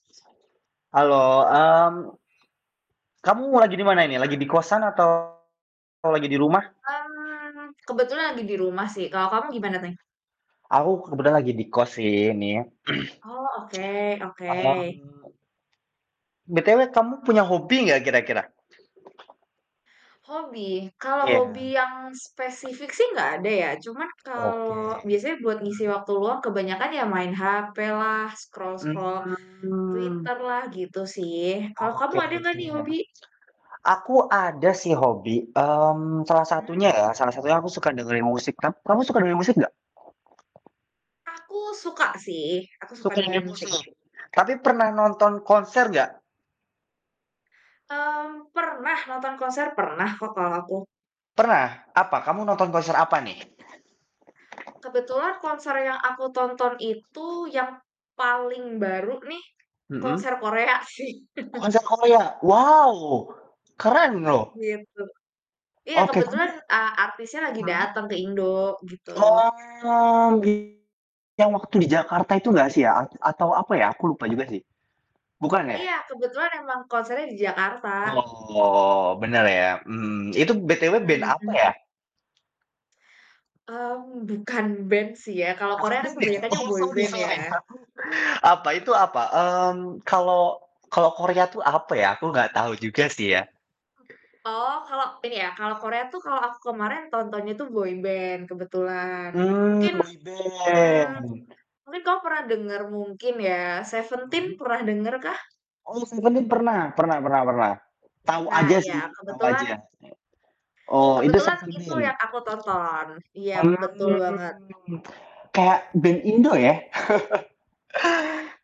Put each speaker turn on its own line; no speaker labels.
Halo, mmm kamu lagi di mana ini? Lagi di kosan atau, lagi di rumah?
Mmm, kebetulan lagi di rumah sih, kalau kamu gimana nih?
Aku kebetulan lagi di kos sih ini.
Oh, oke oke.
Mmm, BTW kamu punya hobi nggak kira-kira?
Hobi, Kalau
Iya.
hobi yang spesifik sih nggak ada ya. Cuman
Oke,
kalau biasanya buat ngisi
Hmm.
waktu luang kebanyakan ya main HP lah, scroll-scroll
Mmm.
Twitter lah, gitu sih. Kalau kamu
Oke
ada nggak
oke.
nih hobi?
Aku ada sih hobi, mmm, salah satunya
Hmm.
ya, salah satunya aku suka dengerin musik. Kam kamu suka dengerin nggak?
Aku suka sih, aku suka
Sukanya
dengerin musik.
musik. Tapi pernah nonton konser nggak?
Mmm, pernah nonton konser, pernah kok kalau aku.
Pernah, apa kamu nonton konser apa nih?
Kebetulan konser yang aku tonton itu yang paling baru nih,
Hmm.
konser Korea sih.
Konser Korea? Wow keren loh.
Gitu. Iya
Oke, kamu
kebetulan, eee, artisnya lagi
mmm.
dateng ke Indo, gitu.
Oh, gi yang waktu di Jakarta itu nggak sih ya? A atau apa ya? Aku lupa juga sih. Bukan ya?
Iya, kebetulan emang konsernya di Jakarta.
Oh, bener ya, mhm, itu BTW band
Hmm hmm
apa
hmm.
ya?
Mmm, bukan band sih ya, kalau
Bukan
Korea kan
band ya?
kebanyakan
Oh,
boy band ya.
[unintelligible] apa, itu apa? Mmm, kalau kalau Korea tuh apa ya? Aku nggak tahu juga sih ya.
Oh, kalau Ini ya, kalau Korea tuh kalau aku kemarin, tontonnya tuh boy band, kebetulan.
Mmm,
Mungkin mmm,
boyband.
mungkin kamu pernah denger, mungkin ya, Seventeen
Mmm.
pernah denger kah?
Oh, Seventeen pernah. Pernah pernah pernah. Tahu
Nah
aja
iya,
sih, tahu
kebetulan
aja. Oh itu
Kebetulan itu yang
Seventeen?
aku tonton, iyap, betul banget.
Mmm. Kayak band Indo ya.